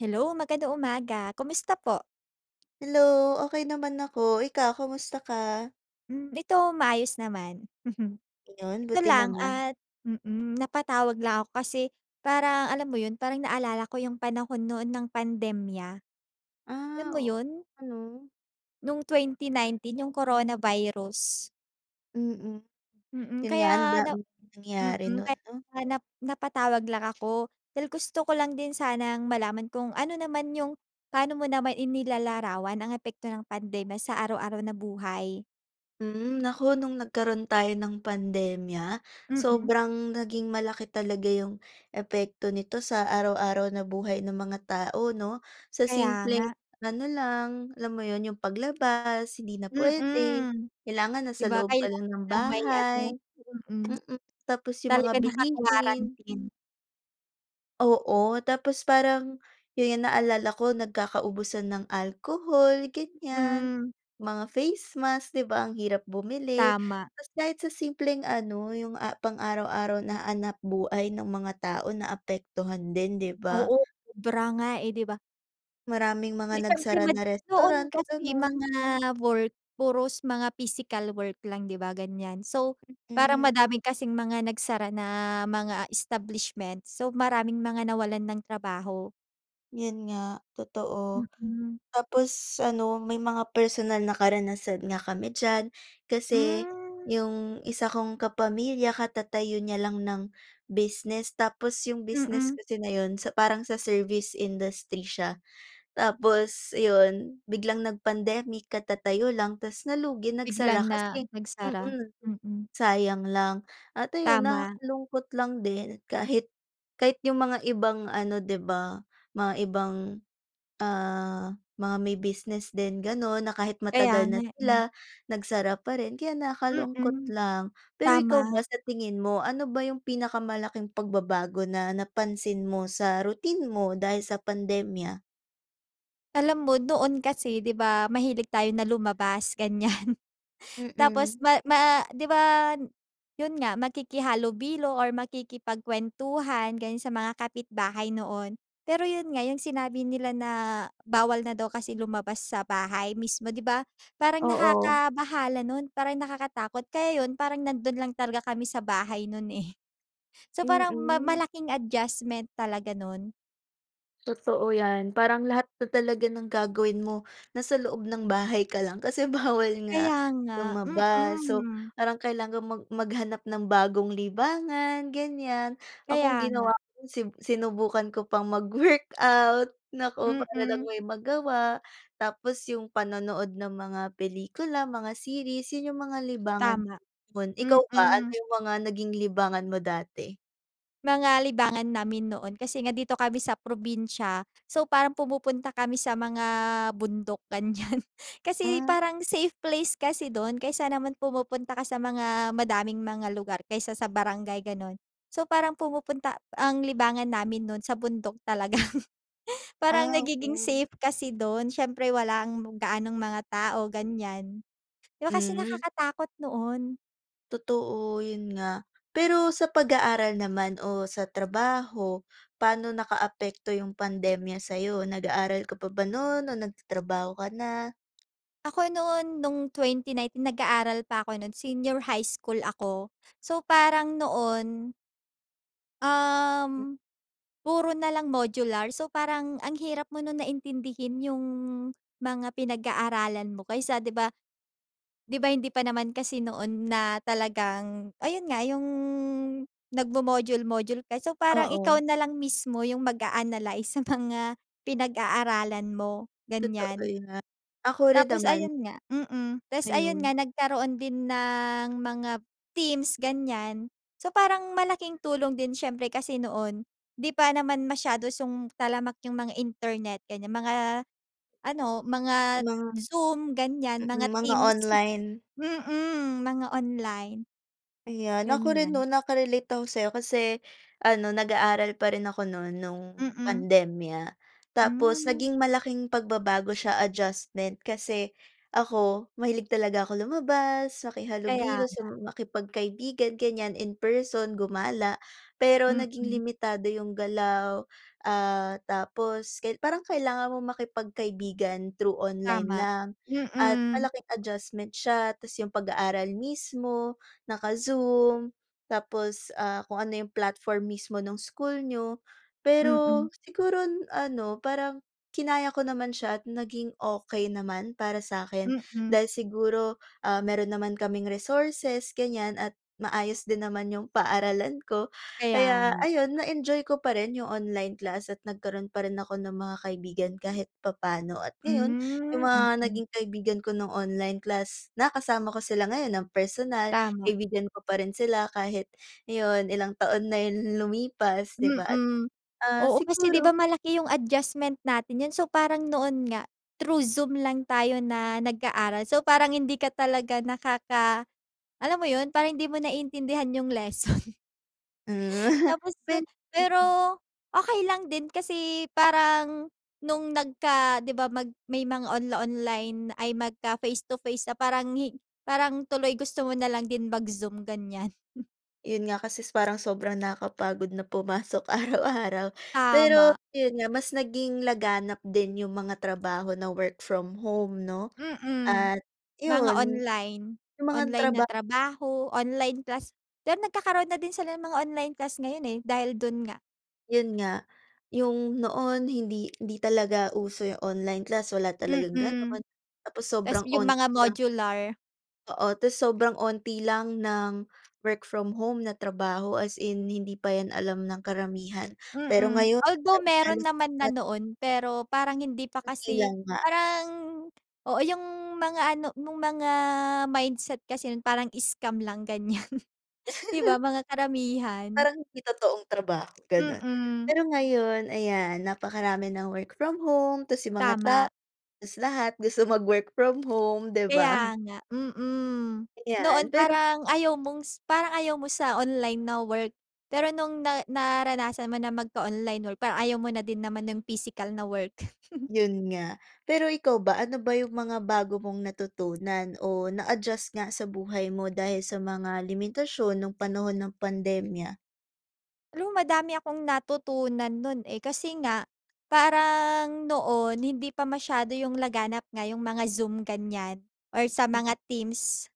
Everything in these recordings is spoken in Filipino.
Hello, magandang umaga. Kumusta po? Hello, okey naman ako, ikaw kamusta ka? Hmm, ito maayos naman. Gano'n Ito buti lang naman. at mm, napatawag lang ako kasi parang alam mo 'yon parang naalala ko yung panahon noon ng pandemya. Alam Ah, mo oo 'yon? nga 'no. Noong 2019 yung Corona Virus? Mm, Mm, 'yon nga ang kaya na daming nangyari mm, no'n, kaya 'no? nap napatawag lang ako dahil gusto ko lang din sanang malaman kung ano naman yung pano mo naman inilalarawan ang epekto ng pandemya sa araw-araw na buhay. Hmm, naku no'ng nagkaroon tayo ng pandemya, Mm. sobrang naging malaki talaga yung epekto nito sa araw-araw na buhay ng mga tao 'no. Sa Kaya simpleng nga. ano lang, alam mo 'yon yung paglabas, hindi na puwede Mm, kailangan na di sa ba loob ka lang kailangan ng na may ano, bahay. mm. Mm, tapos yung mga Talagang bilihin. naka-quarantine. Oo, tapos parang 'yon yung naalala ko nagkakaubusan ng alcohol gan'yan Hmm. mga face mask, di ba? Ang hirap bumili Tama. tas kahit sa simpleng ano yung a pang araw-araw na hanapbuhay ng mga tao naapektuhan din, di ba? Oo, sobra nga, eh, di ba? Maraming Eh, mga siyempre nagsara mad na noon restaurant, kasi gano'n. mga work puros mga physical work lang 'di ba ganiyan so, parang Mm. madami kasing mga nagsara na mga establishments, so maraming mga nawalan ng trabaho. 'Yun nga totoo. Mm. Tapos ano may mga personal na karanasan nga kami diyan, kasi Hmm. yung isa kong kapamilya katatayo niya lang ng business, tapos yung business Mm. kasi na 'yun sa parang sa service industry siya. Tapos ayon biglang nag-pandemic katatayo lang tas nalugi nagsara Biglang na kasi nagsara, mm, mm. sayang lang at ayun Tama. nakakalungkot lang din kahit kahit yung mga ibang ano 'di ba mga ibang, ah, mga may business din ganon na kahit Kaya matagal na nga eh. sila nagsara pa rin kaya nakakalungkot Mm, lang, pero ikaw tama. ba sa tingin mo ano ba yung pinakamalaking pagbabago na napansin mo sa routine mo dahil sa pandemya? Alam mo noon kasi di ba mahilig tayo na lumabas, ganyan. Tapos Mm. ma ma di ba n yun nga, makikihalubilo or makikipagkuwentuhan, gano'n sa mga kapitbahay noon. Pero yun nga yung sinabi nila na bawal na daw kasi lumabas sa bahay mismo, di ba? Parang Oo. nakakabahala nun, parang nakakatakot. Kaya yun parang nandun lang talaga kami sa bahay nun, eh. So, parang ma Mm. malaking adjustment talaga nun. Totoo 'yan. Parang lahat na talaga ng gagawin mo nasa loob ng bahay ka lang kasi bawal nga Kaya nga, lumabas. So, mm. parang kailangan mag maghanap ng bagong libangan, ganyan. Kaya Ako ang ginawa nga. ko si sinubukan ko pang mag-workout, naku, para lang Mm. may magawa. Tapos yung panonood ng mga pelikula, mga series. Yun yung mga libangan ko Tama. noon. Ikaw ba, ano Mm. yung mga naging libangan mo dati? Mga libangan namin noon kasi nga dito kami sa probinsya so, parang pumupunta kami sa mga bundok, ganyan. Kasi Hmm. parang safe place kasi dun kaysa naman pumupunta ka sa mga madaming mga lugar, kaysa sa barangay, ganun. So, parang pumupunta ang libangan namin noon sa bundok talaga. Parang Ah, nagiging okey. safe kasi dun siyempre walang gaanong mga tao, ganyan. Di ba kasi Mm. nakakatakot noon. Totoo, 'yun nga. Pero sa pag-aaral naman o sa trabaho, pa'no nakaapekto yung pandemya sa'yo? Nag-aaral ka pa ba nun o nagtatrabaho ka na? Ako noon, nung 2019 nag-aaral pa ako nu'n. Senior high school ako. So, parang noon um, puro na lang modular. So, parang ang hirap mo nun na intindihin yung mga pinag-aaralan mo kaysa 'di ba 'di ba hindi pa naman kasi noon na talagang ayun nga, yung nagmo-module-module ka. So, parang ikaw Oo. na lang mismo yung mag-a-analize sa mga pinag-aaralan mo, Totoo ganiyan. 'yan. Ako rin Tapos naman. ayun nga, mm. Tapos ayun Ayun. nga, nagkaroon din ng mga Teams, ganiyan. So, parang malaking tulong din siyempre kasi noon, di pa naman masyado song talamak yung mga internet, ganiyan, mga ano, mga Mga Zoom, ganiyan, mga Mm. Mga Teams. online. Mm, mga online, Ayan. Ako rin ganyan. nun naka-relate ako sa'yo kasi ano, nag-aaral pa rin ako nu'n, 'nung Mm. pandemya. Tapos Hmm. naging malaking pagbabago siya, adjustment kasi ako mahilig talaga ako lumabas, Kaya makihalubilo sa nga. makipagkaibigan, ganiyan in person, gumala. Pero naging Mm. limitado yung galaw, ah, tapos ka parang kailangan mong makipagkaibigan through online Tama, lang. At mm. malaking adjustment siya tapos yung pag-aaral mismo, naka-Zoom tapos, ah, kung ano yung platform mismo ng school niyo. Pero Mm. siguro ano, parang kinaya ko naman siya at naging okey naman para sa'kin Mm. dahil siguro, ah, meron naman kaming resources, ganiyan at maayos din naman yung paaralan ko Kaya kaya nga. ayun, na-enjoy ko pa rin yung online class at nagkaroon pa rin ako ng mga kaibigan kahit papa'no. At ngayon yung Hmm, mga mm. naging kaibigan ko ng online class, nakasama ko sila ngayon ng personal, Tama. kaibigan ko pa rin sila kahit ngayon, ilang taon na yung lumipas, 'di ba? At, Mm. ah, Oo, kasi 'di ba siguro malaki yung adjustment natin nun, so, parang noon nga through Zoom lang tayo na nag-aaral. So, parang hindi ka talaga nakaka alam mo yun, parang hindi mo naiintindihan yung lesson. Hmm, Tapos pero [unintelligible] mm. okey lang din kasi parang nung nagka 'di ba mag may mga onla-online ay magka-face to face na parang hin parang tuloy gusto mo na lang din mag-Zoom, ganiyan. Yun nga kasi s parang sobrang nakapagod na pumasok araw-araw. Pero Tama. yun nga mas naging laganap din yung mga trabaho na work from home 'no Mm. at Mga yun, online. yung mga Online na traba trabaho, online class. Pero nagkakaroon na din sila ng mga online class ngayon, eh, dahil dun nga. Yun nga. Yung noon hindi hindi talaga uso yung online class, wala talagang Mm. gano'n tapos Tapos sobrang yung mga 'onti lang. modular. Oo, tapos sobrang 'onti lang ng work from home na trabaho. As in hindi pa 'yan alam ng karamihan, pero Mm. ngayon Although, meron halos naman na lahat noon, pero parang hindi pa Konti kasi lang nga. parang oo, yung mga ano, yung mga mindset kasi nun parang scam lang, ganyan. Di ba mga karamihan. Parang hindi totoong trabaho, gano'n. Mm. Pero ngayon, ayan, napakarami ng work from home tapos yung mga ta Tama. tapos lahat gusto mag-work from home, di ba? Kaya nga, mm. Noon Ayan, pero parang ayaw mong s parang ayaw mo sa online na work, pero nung na naranasan mo na mag-online work, parang ayaw mo na din naman yung physical na work. Yun nga. Pero ikaw ba, ano ba yung mga bago mong natutunan o na-adjust nga sa buhay mo dahil sa mga limitasyon ng panahon ng pandemya? Alam mo madami akong natutunan no'n, eh. Kasi nga parang noon hindi pa masyado 'yung laganap nga 'yong mga Zoom ganiyan or sa mga Mm. Teams.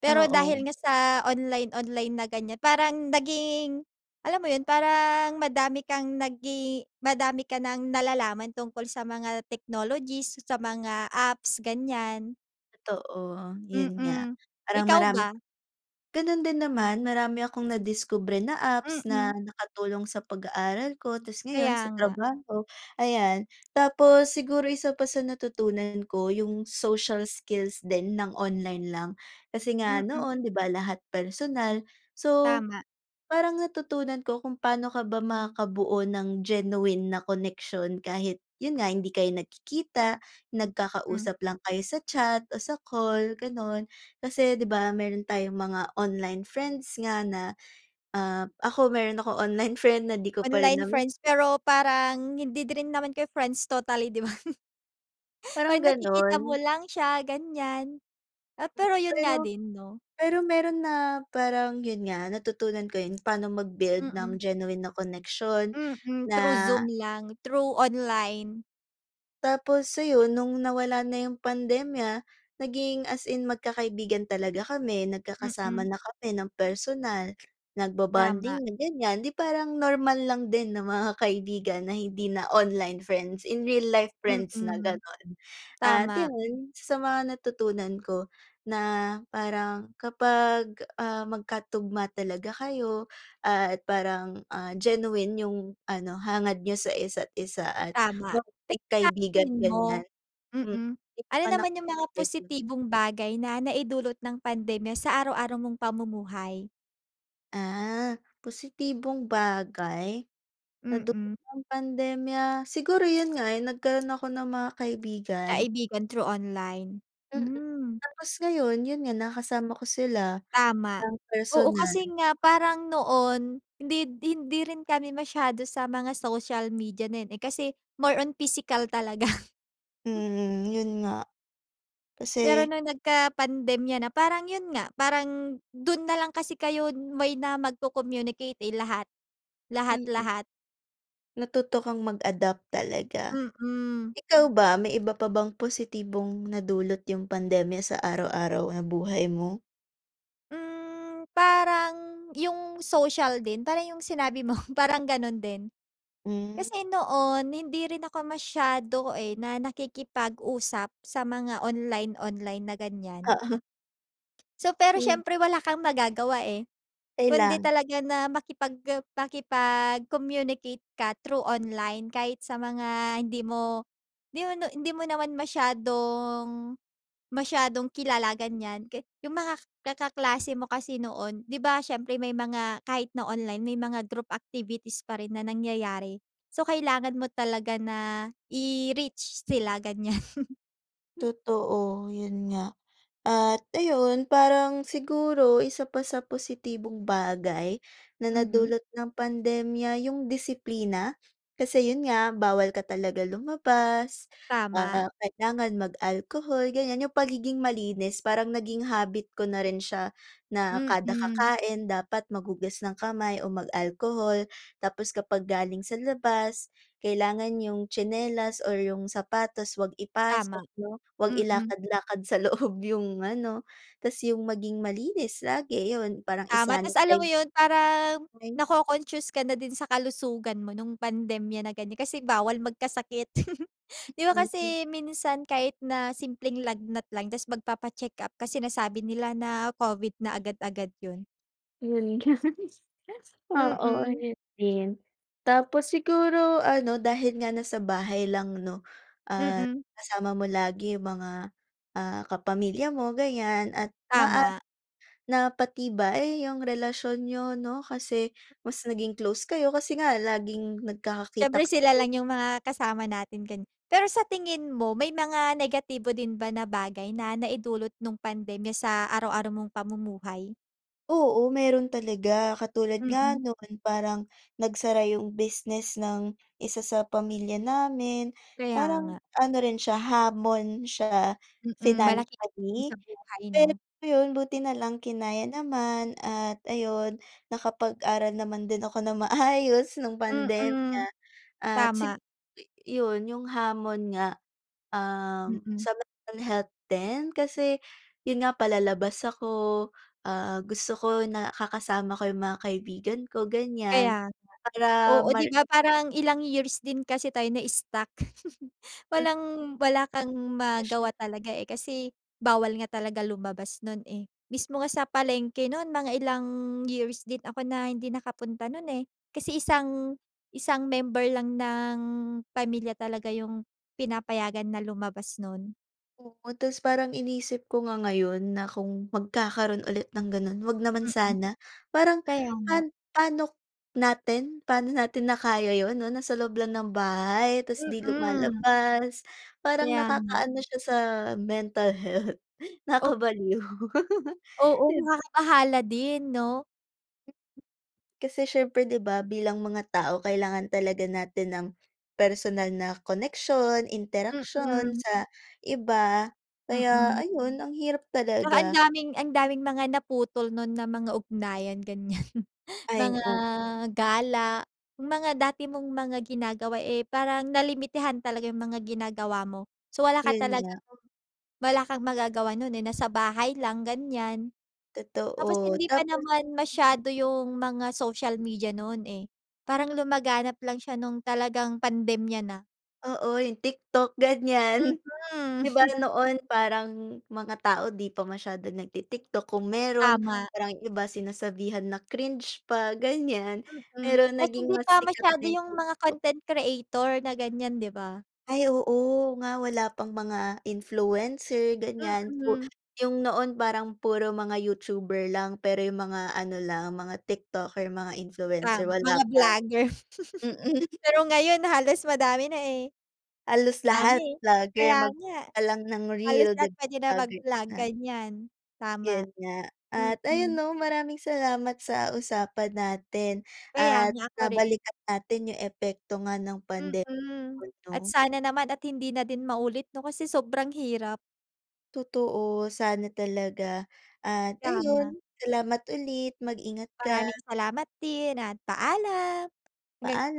Pero Oo. dahil nga sa online-online na ganiyan, parang naging alam mo 'yun, parang madami kang nagi madami ka ng nalalaman tungkol sa mga technologies, sa mga apps, ganiyan. Totoo, 'yun nga. Mm, Parang ikaw maram ba? gano'n din naman, marami akong nadiskubre na apps Mm. na nakatulong sa pag-aaral ko, 'tapos ngayon Kaya sa nga. trabaho ayan. Tapos siguro isa pa sa natutunan ko, 'yung social skills din ng online lang. Kasi nga Mm. noon 'di ba lahat personal, so Tama. parang natutunan ko kung pa'no ka ba makakabuo ng genuine na connection kahit, 'yun nga, hindi kayo nagkikita, Hmm. nagkakausap lang kayo sa chat o sa call gano'n. Kasi 'di ba meron tayong mga online friends nga na, ah, ako meron akong online friend na di ko pa rin Online nami friends, pero parang hindi din naman kayo friends totally 'di ba? Parang 'Pag nakikita mo gano'n. lang siya, ganiyan. Ah, Hmm, pero 'yun nga pero din 'no. pero meron na parang 'yun nga, natutunan ko 'yun, pa'no mag-build ng Mm. genuine na koneksyon Mm, na through Zoom lang, through online. Tapos ayun nung nawala na yung pandemya, naging as in magkakaibigan talaga kami, nagkakasama Mm. na kami ng personal Tama. nagbobonding na ganiyan, di parang normal lang din na mga kaibigan na hindi na online friends, in real life friends na Mm, ganon, ah, tama. yun isa mga natutunan ko na parang kapag, ah, magkatugma talaga kayo at parang, ah, genuine yung ano hangad niyo sa isa't-isa at Tama, pero maging sa kaibigan tingin mo ganiyan hmm, mm, hindi ano naman ako naman yung mga [unintelligible] positibong bagay na naidulot ng pandemya sa araw-araw mong pamumuhay? Ah, positibong bagay, na dulot Mm. ng pandemya, siguro yun nga, eh, nagkaroon ako ng mga kaibigan. Kaibigan through online, Mm, hmm. tapos ngayon yun nga nakasama ko sila Tama, ng oo personal. kasi nga parang noon hindi hindi rin kami masyado sa mga social media din, eh, kasi more on pisikal talaga. Hmm, yun nga, kasi Pero nung nagkapandemya na parang yun nga parang dun nalang kasi kayo may na magco-communicate, eh, lahat Mm. lahat-lahat. Natuto kang mag-adapt talaga. Mm. Ikaw ba may iba pa bang positibong nadulot yung pandemya sa araw-araw na buhay mo? Hmm, parang yung social din parang yung sinabi mo, parang ganun din. Hmm. Kasi noon hindi rin ako masyado, eh, na nakikipag-usap sa mga online-online na ganiyan. Oo. So pero Hmm. siyempre wala kang magagawa, eh, Okey kundi lang. talaga na makipagka makipag-communicate ka through online, kahit sa mga hindi mo hindi mo no hindi mo naman masyadong masyadong kilala ganiyan ka yung mga kaklase mo kasi noon 'di ba siyempre may mga kahit na online may mga group activities pa rin na nangyayari, so kailangan mo talaga na i-reach sila ganiyan. Totoo, yun nga, at ayun parang siguro isa pa sa positibong bagay na Mhm. nadulot ng pandemya yung disiplina. Kasi yun nga bawal ka talaga lumabas, ah, Tama. kailangan mag-alkohol ganiyan. Yung pagiging malinis parang naging habit ko na rin siya na kada Mm. kakain dapat maghugas ng kamay o mag-alkohol. Tapos kapag galing sa labas kailangan yung tsinelas, or yung sapatos, 'wag ipasok Tama. 'no, 'wag Mm. ilakad-lakad sa loob yung ano, tas yung maging malinis lagi yun parang Tama tas alam mo i-sanitize yun parang Ay. naco-concious ka na din sa kalusugan mo nung pandemya na ganiyan, kasi bawal magkasakit 'di ba [unintelligible] kasi minsan kahit na simpleng lagnat lang tas magpapa-checkup ka sinasabi nila na Covid na agad-agad yun. 'Yun nga. Oo, Mm. 'yun din, tapos siguro ano dahil nga nasa bahay lang 'no, at Mm. kasama mo lagi 'yung mga, ah, kapamilya mo ganiyan at Tama. maaaring napatibay, 'yung relasyon niyo 'no, kasi mas naging close kayo kasi nga laging nagkikita Siyempre sila kayo. lang 'yung mga kasama natin kani Pero sa tingin mo may mga negatibo din ba na bagay na naidulot nung pandemya sa araw-araw mong pamumuhay? Oo, meron talaga, katulad Mm. nga no'n parang nagsara 'yung business ng isa sa pamilya namin. Kaya Parang nga. ano rin siya hamon siya Mm, malaking epekto sa financially, buhay pero 'no. 'yun buti nalang kinaya naman at ayun nakapag-aral naman din ako ng maayos no'ng pandemya Mm, at sig tama. i 'yun 'yung hamon nga. Um, Mm. sa mental health din kasi 'yun nga palalabas ako, ah, gusto ko nakakasama ko 'yung mga kaibigan ko ganiyan Kaya nga. para Oo, mar di ba parang ilang years din kasi tayo na-stuck. Hmm. Walang-wala kang Na siya. magawa talaga, eh, kasi bawal nga talaga lumabas no'n, eh. Mismo nga sa palengke no'n mga ilang years din ako na hindi nakapunta no'n, eh, kasi isang isang member lang ng pamilya talaga 'yung pinapayagan na lumabas no'n. Oo, tapos parang inisip ko nga ngayon na kung magkakaroon ulit ng gano'n, 'wag naman Mm. sana. Parang Kaya nga. pan pa'no natin, pa'no natin na kaya yun 'no, nasa loob lang ng bahay, tapos 'di Mm. lumalabas parang Kaya nga. nakaka-ano siya sa mental health, O nakakabaliw. Oo, 'Di b nakakabahala din 'no. Kasi siyempre 'di ba, bilang mga tao kailangan talaga natin ng personal na koneksyon, interaksyon Mm. sa iba kaya Mm. ayun ang hirap 'Tsaka ang talaga. daming, ang daming mga naputol no'n na mga ugnayan, ganyan. Ay, Mga o gala, mga dati mong mga ginagawa, eh, parang nalimitahan talaga yung mga ginagawa mo. So wala ka 'Yun nga. talagang wala kang magagawa no'n, eh, nasa bahay lang, ganyan. Tapos Totoo, hindi pa tapos naman masyado yung mga social media noon, eh. Parang lumaganap lang siya nung talagang pandemya na. Oo, yung TikTok Mm. ganyan. 'Di ba noon parang mga tao 'di pa masyado nagti-TikTok. Kung mayro'n, Tama. parang yung iba sinasabihan na cringe pa, ganyan Mm, pero tas naging hindi mas pa sikat masyado na yung yung mga TikTok. content creator na ganyan, 'di ba? Ay oo, nga wala pang mga influencer ganyan. Pu Mm. yung noon parang puro mga Youtuber lang, pero yung mga ano lang, mga TikToker, mga influencer, Tama, wala mga pa. vlogger. Mm. Pero ngayon halos madami na, eh. Halos Dami lahat eh, vlogger kaya mag nga. ka lang ng Halos reel 'di lahat puwede na ba mag ganyan vlog, na. ganyan, tama. 'Yun nga, at ayun Mm. 'no maraming salamat sa usapan natin Kaya at nga, ako rin. nabalikan natin yung epekto nga ng pandemya Mm. At 'no. sana naman at hindi na din maulit 'no, kasi sobrang hirap. Totoo, sana talaga at ayun Tama. salamat ulit, mag ingat ka. Maraming salamat din at paalam. Hanggang Paalam.